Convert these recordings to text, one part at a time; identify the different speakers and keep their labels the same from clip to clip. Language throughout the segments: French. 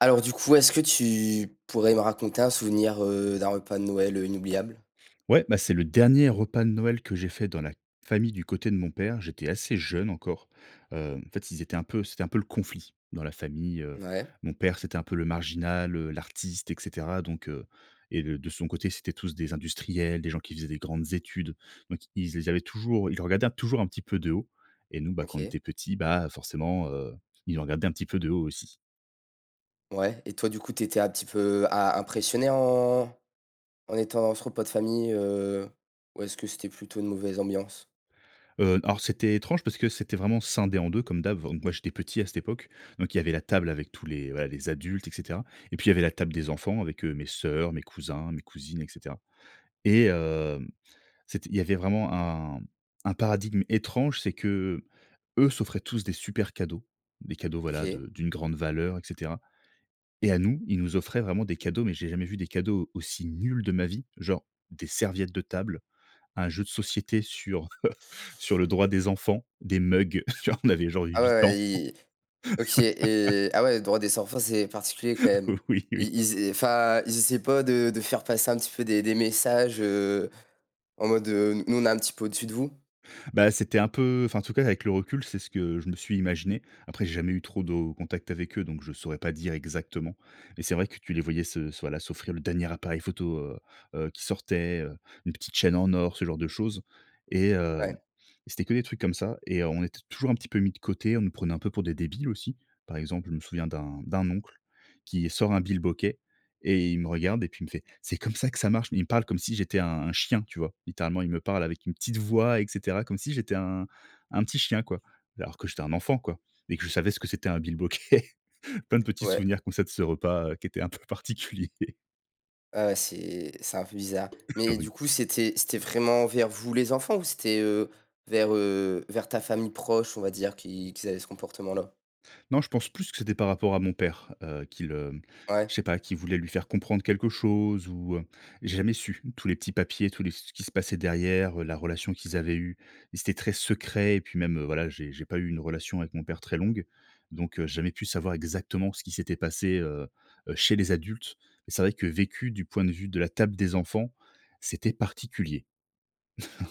Speaker 1: Alors du coup est-ce que tu pourrais me raconter un souvenir, heu, d'un repas de Noël, heu, inoubliable?
Speaker 2: Ouais, bah, c'est le dernier repas de Noël que j'ai fait dans la famille du côté de mon père. J'étais assez jeune encore. Heu, en fait, ils étaient un peu c'était un peu le conflit dans la famille, heu.
Speaker 1: Ouais.
Speaker 2: Mon père, c'était un peu le marginal, heu, l'artiste, et cetera. Donc, heu, et de de son côté, c'était tous des industriels, des gens qui faisaient des grandes études. Donc ils ils avaient toujours ils le regardaient toujours un petit peu de haut. Et nous, bah, quand on
Speaker 1: OK.
Speaker 2: était petits, bah, forcément, heu, ils nous regardaient un petit peu de haut aussi.
Speaker 1: Ouais. Et toi du coup, tu étais un petit peu a impressionné en en étant à ce repas de famille, heu, ou est-ce que c'était plutôt une mauvaise ambiance?
Speaker 2: Heu, alors c'était étrange parce que c'était vraiment scindé en 2 comme d'hab bon, moi, j'étais petit à cette époque. Donc, il y avait la table avec tous les ouais, les adultes, et cetera. Et puis, il y avait la table des enfants avec, heu, mes sœurs, mes cousins, mes cousines, et cetera. Et, hem, c'était il y avait vraiment un un paradigme étrange, c'est qu'eux s'offraient tous des super cadeaux, des cadeaux, voilà,
Speaker 1: OK.
Speaker 2: de d'une grande valeur, et cetera. Et à nous, ils nous offraient vraiment des cadeaux, mais j'ai jamais vu des cadeaux aussi nuls de ma vie, genre des serviettes de table, un jeu de société sur, heu, sur le droit des enfants, des mugs, genre, on avait genre
Speaker 1: Ah ouais,
Speaker 2: 8 ans.
Speaker 1: ouais, ils ils OK et ah ouais, droit des enfants, c'est particulier quand même.
Speaker 2: Oui, oui.
Speaker 1: Ils ils ess enfin ils essayent pas de de faire passer un petit peu des des messages, heu, en mode, heu: «N nous on est un petit peu au-dessus de vous»?
Speaker 2: Bah, c'était un peu enfin en tout cas, avec le recul, c'est ce que je me suis imaginé. Après, j'ai jamais eu trop de contacts avec eux, donc je saurais pas dire exactement. Mais c'est vrai que tu les voyais se s voilà, s'offrir le dernier appareil photo, heu, heu, qui sortait, heu, une petite chaîne en or, ce genre de choses. Et, hem,
Speaker 1: Ouais.
Speaker 2: c'était que des trucs comme ça et on était toujours un petit peu mis de côté. On nous prenait un peu pour des débiles aussi. Par exemple, je me souviens d'un d'un oncle qui sort un bilboquet et il me regarde et puis il me fait: «C'est comme ça que ça marche». Mais il me parle comme si j'étais un un chien, tu vois? Littéralement, il me parle avec une petite voix, et cetera comme si j'étais un un petit chien, quoi. Alors que j'étais un enfant, quoi, et que je savais ce que c'était un bilboquet. Plein de petits
Speaker 1: Ouais.
Speaker 2: souvenirs comme ça de ce repas qui était un peu particulier.
Speaker 1: Ah ouais, c'est c'est un peu bizarre. Mais
Speaker 2: Oui.
Speaker 1: du coup, c'était c'était vraiment envers vous les enfants ou c'était, heu, vers, heu, vers ta famille proche, on va dire, qu'ils qu'ils avaient ce comportement là?
Speaker 2: Non, je pense plus que c'était par rapport à mon père, heu, qu'ils heu, je
Speaker 1: Ouais.
Speaker 2: sais pas, qu'ils voulaient lui faire comprendre quelque chose ou, heu, j'ai jamais su tous les petits papiers, tous les ce qui se passait derrière, heu, la relation qu'ils avaient eue, ils étaient très secrets. Et puis même, heu, voilà, j'ai j'ai pas eu une relation avec mon père très longue. Donc, j'ai jamais pu savoir exactement ce qui s'était passé, heu, heu, chez les adultes. Et c'est vrai que vécu du point de vue de la table des enfants, c'était particulier.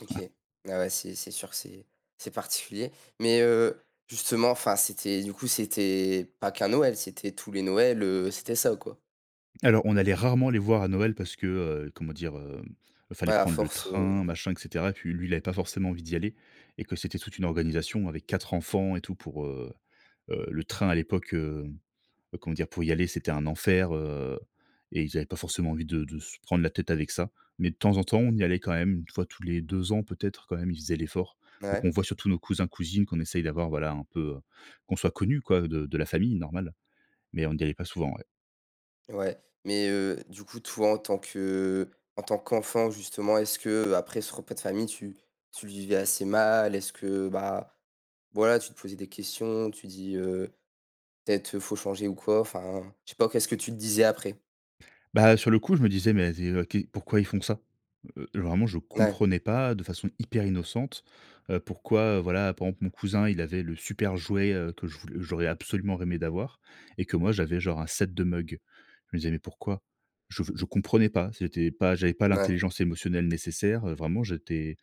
Speaker 1: OK, ah ouais, c'est c'est sûr, c'est c'est particulier. Mais, heu, justement enfin, c'était du coup, c'était pas qu'un Noël, c'était tous les Noëls, heu, c'était ça, quoi?
Speaker 2: Alors, on allait rarement les voir à Noël parce que, heu, comment dire? Hem,
Speaker 1: Ouais
Speaker 2: fallait
Speaker 1: à
Speaker 2: prendre le
Speaker 1: force, heu
Speaker 2: train, machin, et cetera. Puis lui, il avait pas forcément envie d'y aller et que c'était toute une organisation avec 4 enfants et tout pour, heu, heu, le train à l'époque, heu, heu, comment dire? Pour y aller, c'était un enfer, heu, et ils avaient pas forcément envie de de se prendre la tête avec ça. Mais de temps en temps, on y allait quand même 1 fois tous les 2 ans, peut-être quand même, ils faisaient l'effort. Pour
Speaker 1: Ouais.
Speaker 2: qu'on voit surtout nos cousins-cousines, qu'on essaye d'avoir, voilà, un peu, heu, qu'on soit connus, quoi, de de la famille, normal. Mais on n'y allait pas souvent, ouais.
Speaker 1: Ouais, mais, heu, du coup toi en tant que en tant qu'enfant, justement, est-ce qu'après ce repas de famille tu tu le vivais assez mal? Est-ce que, bah, voilà, tu te posais des questions? Tu te dis: «Heu, peut-être, heu, faut changer» ou quoi, enfin, je sais pas, qu'est-ce que tu te disais après?
Speaker 2: Bah, sur le coup, je me disais, mais zé heu, que pourquoi ils font ça? Heu, vraiment, je
Speaker 1: Ouais.
Speaker 2: comprenais pas de façon hyper innocente, heu, pourquoi, heu, voilà, pendant que mon cousin, il avait le super jouet, heu, que je voul j'aurais absolument rêvé d'avoir, et que moi, j'avais genre un set de mugs. Je me disais: «mais pourquoi?» Je ve je comprenais pas. C'était pas j'avais pas
Speaker 1: N ouais.
Speaker 2: l'intelligence émotionnelle nécessaire, heu. Vraiment, j'étais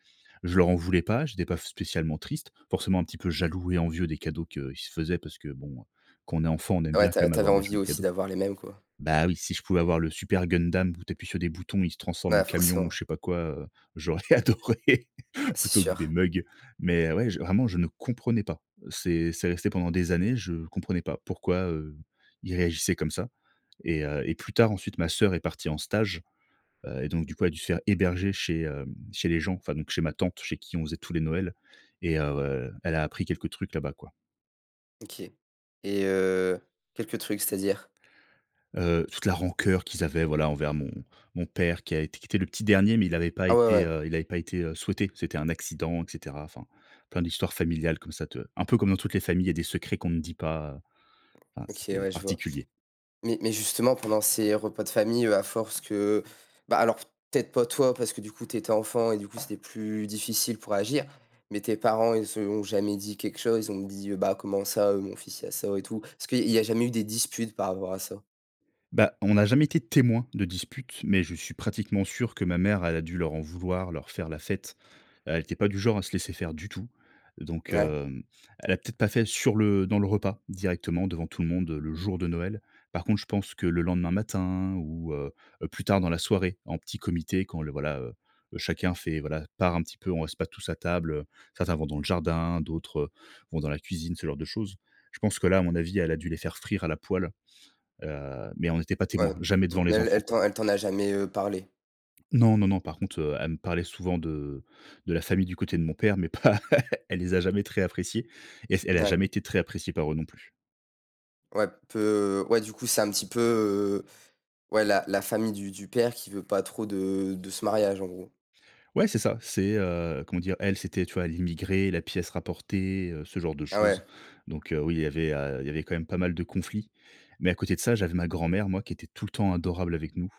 Speaker 2: je leur en voulais pas. J'étais pas f spécialement triste, forcément un petit peu jaloux et envieux des cadeaux qu'ils se faisaient parce que, bon, quand on est enfant, on aime
Speaker 1: Ah
Speaker 2: bien
Speaker 1: ouais. Tu
Speaker 2: quand
Speaker 1: as
Speaker 2: même
Speaker 1: tu avais
Speaker 2: avoir des
Speaker 1: envie
Speaker 2: jolis
Speaker 1: aussi
Speaker 2: cadeaux.
Speaker 1: d'avoir les mêmes, quoi.
Speaker 2: Bah, oui, si je pouvais avoir le super Gundam où tu appuies sur des boutons il se transforme en
Speaker 1: Mouais,
Speaker 2: camion ou
Speaker 1: forcément.
Speaker 2: je sais pas quoi, heu, j'aurais adoré
Speaker 1: Ah, c'est
Speaker 2: plutôt que des
Speaker 1: sûr.
Speaker 2: mugs. Mais heu, ouais, je vraiment je ne comprenais pas. Heu, c'est c'est resté pendant des années, je comprenais pas pourquoi, heu, ils réagissaient comme ça. Et heu, et plus tard, ensuite, ma sœur est partie en stage, heu, et donc du coup, elle dû se faire héberger chez, hem, chez les gens, enfin, donc chez ma tante chez qui on faisait tous les Noël. Et heu, elle a appris quelques trucs là-bas, quoi.
Speaker 1: OK. Et heu, quelques trucs, c'est-à-dire?
Speaker 2: Heu, toute la rancœur qu'ils avaient, voilà, envers mon mon père qui a été qui était le petit dernier mais il avait pas
Speaker 1: Ah ouais,
Speaker 2: été,
Speaker 1: ouais.
Speaker 2: heu, il avait pas été, heu, souhaité, c'était un accident et cetera, enfin, plein d'histoires familiales comme ça te un peu comme dans toutes les familles, il y a des secrets qu'on ne dit pas. Enfin,
Speaker 1: OK
Speaker 2: c'était
Speaker 1: ouais, je vois.
Speaker 2: particulier.
Speaker 1: Mais mais, justement, pendant ces repas de famille, heu, à force que bah, alors, peut-être pas toi, parce que du coup, tu étais enfant et du coup, c'était plus difficile pour agir, mais tes parents ils se l'ont jamais dit quelque chose? Ils ont dit: «Bah, comment ça, heu, mon fils, il a ça?» et tout parce qu'il il y a jamais eu des disputes par rapport à ça?
Speaker 2: Bah, on n'a jamais été témoin de disputes, mais je suis pratiquement sûr que ma mère, elle a dû leur en vouloir, leur faire la fête. Elle était pas du genre à se laisser faire du tout. Donc
Speaker 1: Ouais.
Speaker 2: heu, elle a peut-être pas fait sur le dans le repas, directement devant tout le monde, heu, le jour de Noël. Par contre, je pense que le lendemain matin ou heu heu, plus tard dans la soirée, en petit comité quand le voilà, heu, chacun fait, voilà, part un petit peu, on reste pas tous à table, heu, certains vont dans le jardin d'autres, heu, vont dans la cuisine, ce genre de choses. Je pense que là, à mon avis, elle a dû les faire frire à la poêle. Heu, mais on n'était pas
Speaker 1: Ouais.
Speaker 2: témoin, jamais
Speaker 1: M
Speaker 2: devant
Speaker 1: mais
Speaker 2: les enfants,
Speaker 1: elle
Speaker 2: quoi.
Speaker 1: t'en elle t'en a jamais, heu, parlé?
Speaker 2: Non, non, non, par contre, heu, elle me parlait souvent de de la famille du côté de mon père, mais pas elle les a jamais très apprécié, et s elle a
Speaker 1: Mouais.
Speaker 2: jamais été très appréciée par eux non plus.
Speaker 1: Ouais peu ouais du coup c'est un petit peu, heu ouais la la famille du du père qui veut pas trop de de ce mariage, en gros.
Speaker 2: Ouais, c'est ça. C'est, heu, comment dire? Elle, c'était, tu vois, l'immigrée, la pièce rapportée, heu, ce genre de
Speaker 1: Ah
Speaker 2: choses.
Speaker 1: ouais.
Speaker 2: Donc heu, oui, il y avait, heu il y avait quand même pas mal de conflits. Mais à côté de ça, j'avais ma grand-mère, moi, qui était tout le temps adorable avec nous,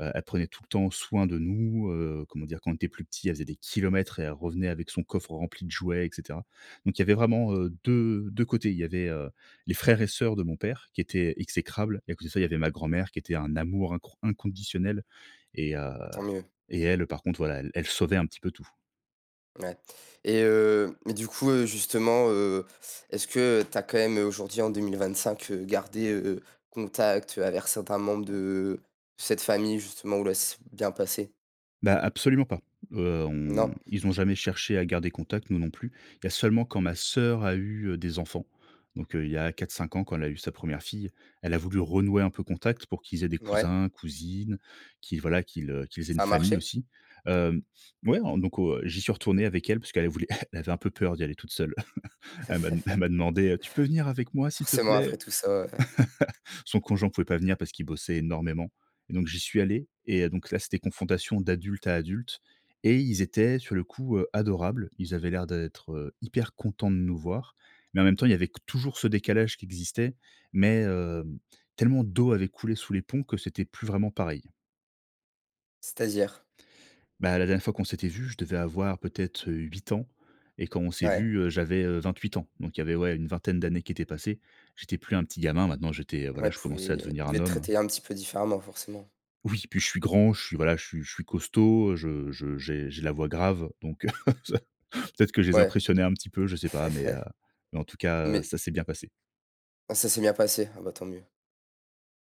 Speaker 2: heu, elle prenait tout le temps soin de nous, heu, comment dire? Quand on était plus petit, elle faisait des kilomètres et elle revenait avec son coffre rempli de jouets, et cetera. Donc, il y avait vraiment heu, 2, 2 côtés. Il y avait, heu, les frères et sœurs de mon père qui étaient exécrables, et à côté de ça, il y avait ma grand-mère qui était un amour incron inconditionnel et heu
Speaker 1: Tant mieux.
Speaker 2: et elle, heu, par contre voilà, elle elle sauvait un petit peu tout.
Speaker 1: Ouais. Et heu, mais du coup, heu, justement, heu, est-ce que, heu, tu as quand même, heu, aujourd'hui en 2025, heu, gardé, heu, contact, heu, avec certains membres de cette famille justement ou là ça s'est bien passé?
Speaker 2: Bah absolument pas, heu, on
Speaker 1: Non?
Speaker 2: ils ont jamais cherché à garder contact, nous non plus. Il y a seulement quand ma sœur a eu, heu, des enfants. Donc, heu, il y a 4-5 ans, quand elle a eu sa première fille, elle a voulu renouer un peu contact pour qu'ils aient des
Speaker 1: Ouais.
Speaker 2: cousins, cousines qu'ils voilà qu'ils, heu qu'ils aient une
Speaker 1: Ça a
Speaker 2: famille
Speaker 1: marché?
Speaker 2: aussi, hem, ouais, en donc heu, j'y suis retourné avec elle puisqu'elle, elle voulait elle avait un peu peur d'y aller toute seule. Elle m'a de elle m'a demandé, heu: «Tu peux venir avec moi, s'il te
Speaker 1: Forcément après
Speaker 2: plaît?»
Speaker 1: tout ça, ouais.
Speaker 2: son conjoint pouvait pas venir parce qu'il bossait énormément et donc j'y suis allé et heu, donc là, c'était confrontation d'adulte à adulte, et ils étaient sur le coup, heu, adorables. Ils avaient l'air d'être, heu, hyper contents de nous voir, mais en même temps, il y avait qu toujours ce décalage qui existait. Mais heu, tellement d'eau avait coulé sous les ponts que c'était plus vraiment pareil.
Speaker 1: C'est-à-dire?
Speaker 2: Bah, la dernière fois qu'on s'était vus, je devais avoir peut-être 8 ans. Et quand on s'est
Speaker 1: Ouais.
Speaker 2: vus, heu, j'avais, heu, 28 ans. Donc il y avait, ouais, une vingtaine d'années qui étaient passées. J'étais plus un petit gamin, maintenant, j'étais voilà,
Speaker 1: Ouais,
Speaker 2: je commençais à
Speaker 1: pouvaient
Speaker 2: devenir
Speaker 1: ils
Speaker 2: un
Speaker 1: devaient te
Speaker 2: homme.
Speaker 1: traiter un petit peu différemment, forcément.
Speaker 2: Oui, puis, je suis grand, je suis, voilà, je suis je suis costaud, je je j'ai j'ai la voix grave, donc heu, peut-être que je les
Speaker 1: Ouais,
Speaker 2: impressionnais un petit peu, je sais pas, mais heu, en tout cas heu,
Speaker 1: mais
Speaker 2: ça s'est bien passé.
Speaker 1: Ah, ça s'est bien passé. Ah bah, tant mieux.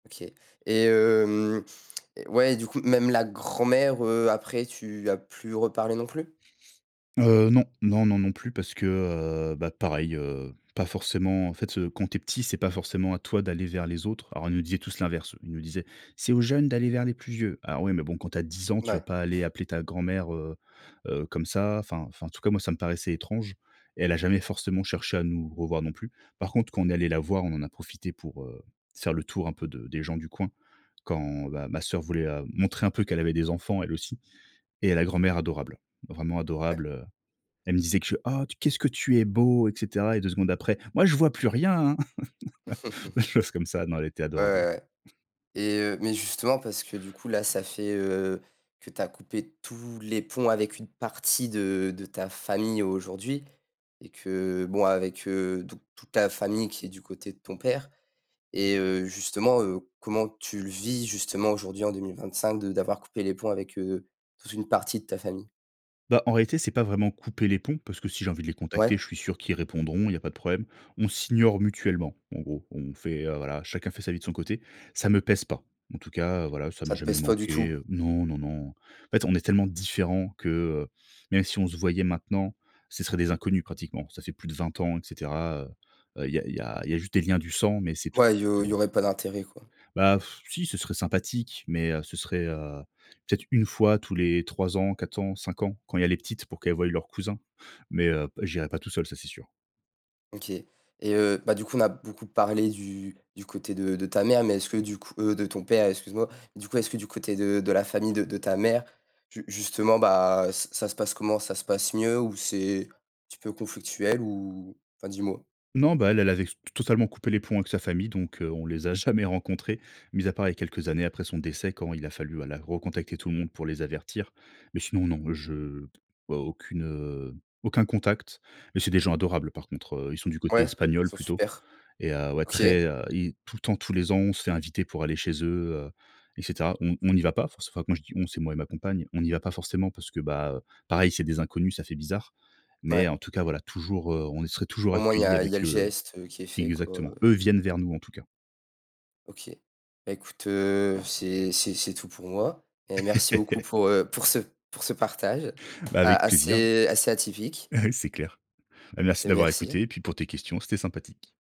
Speaker 1: OK. Et hem, ouais et du coup, même la grand-mère, heu, après, tu as plus reparlé non plus?
Speaker 2: Heu, non, non, non, non plus parce que heu, bah pareil, heu, pas forcément, en fait heu, quand tu es petit, c'est pas forcément à toi d'aller vers les autres. Alors, ils nous disaient tous l'inverse. Ils nous disaient: «C'est aux jeunes d'aller vers les plus vieux». Alors oui, mais bon, quand tu as 10 ans, tu vas
Speaker 1: Ouais.
Speaker 2: pas aller appeler ta grand-mère, heu heu, comme ça. Enfin enfin en tout cas, moi, ça me paraissait étrange. Et elle a jamais forcément cherché à nous revoir non plus. Par contre, quand on est allés la voir, on en a profité pour, heu, se faire le tour un peu de des gens du coin. Quand, bah, ma sœur voulait, hem, montrer un peu qu'elle avait des enfants, elle aussi. Et la grand-mère adorable, vraiment
Speaker 1: Ouais.
Speaker 2: adorable, heu, elle me disait que je: «Oh que qu'est-ce que tu es beau» et cetera et 2 secondes après: «Moi, je vois plus rien, hein.». Des choses comme ça, non, elle était
Speaker 1: Ouais,
Speaker 2: adorable.
Speaker 1: ouais, ouais. Et heu, mais justement parce que, du coup, là, ça fait, heu, que tu as coupé tous les ponts avec une partie d, de ta famille aujourd'hui, et que heu, bon avec heu, toute toute ta famille qui est du côté de ton père et heu, justement heu, comment tu le vis justement aujourd'hui en 2025, de d'avoir coupé les ponts avec heu, toute une partie de ta famille?
Speaker 2: Bah, en réalité, c'est pas vraiment couper les ponts, parce que si j'ai envie de les contacter,
Speaker 1: Ouais.
Speaker 2: je suis sûr qu'ils répondront, il y a pas de problème. On s'ignore mutuellement, en gros. On fait, heu, voilà, chacun fait sa vie de son côté. Ça me pèse pas. En tout cas, heu, voilà, ça m'a
Speaker 1: Ça te
Speaker 2: jamais
Speaker 1: pèse pas du
Speaker 2: manqué,
Speaker 1: tout?
Speaker 2: heu. Non, non, non, en fait, on est tellement différents que heu, même si on se voyait maintenant ce serait des inconnus pratiquement. Ça fait plus de 20 ans et cetera, heu heu, il y a il y a il y a juste des liens du sang mais c'est tout.
Speaker 1: Ouais, il y au il y
Speaker 2: [unintelligible]
Speaker 1: aurait pas d'intérêt, quoi.
Speaker 2: Bah, si, ce serait sympathique. Mais heu, ce serait heu, peut-être 1 fois tous les 3 ans, 4 ans, 5 ans, quand il y a les petites pour qu'elles voient leurs cousins. Mais heu, j'irai pas tout seul, ça, c'est sûr.
Speaker 1: OK et heu, bah, du coup, on a beaucoup parlé du du côté de de ta mère mais est-ce que du coup heu, de ton père, excuse moi, du coup, est-ce que du côté de de la famille de de ta mère, ju justement, bah, ç ça se passe comment, ça se passe mieux ou c'est un petit peux conflictuel ou Enfin, dis-moi.
Speaker 2: Non, bah, elle elle avait s totalement coupé les ponts avec sa famille, donc heu, on les a jamais rencontrés mis à part les quelques années après son décès, quand il a fallu ala recontacter tout le monde pour les avertir mais sinon, non, je vois aucune, heu, aucun contact mais c'est des gens adorables, par contre, heu, ils sont du côté
Speaker 1: Ouais, ils
Speaker 2: espagnol
Speaker 1: sont
Speaker 2: plutôt
Speaker 1: super.
Speaker 2: et heu, ouais,
Speaker 1: OK.
Speaker 2: très, heu et tout le temps, tous les ans, on se fait inviter pour aller chez eux, heu et cetera. On on n'y va pas, enfin, c'est moi je dis: «On», c'est moi et ma compagne, on n'y va pas forcément parce que, bah, heu, pareil, c'est des inconnus, ça fait bizarre mais en
Speaker 1: Mouais.
Speaker 2: tout cas, voilà, toujours, heu, on y serait toujours
Speaker 1: Au moins il y
Speaker 2: accueilli
Speaker 1: a il y a
Speaker 2: avec,
Speaker 1: le
Speaker 2: heu
Speaker 1: geste qui est fait, quoi, heu
Speaker 2: exactement. Eux viennent vers nous, en tout cas.
Speaker 1: OK, beh, écoute, heu, c'est c'est c'est tout pour moi et merci beaucoup pour, heu, pour ce pour ce partage,
Speaker 2: Ben,
Speaker 1: a
Speaker 2: avec plaisir, hein.
Speaker 1: assez assez atypique
Speaker 2: C'est clair. Bah, merci
Speaker 1: et
Speaker 2: de m'avoir
Speaker 1: merci.
Speaker 2: écouté et puis pour tes questions, c'était sympathique.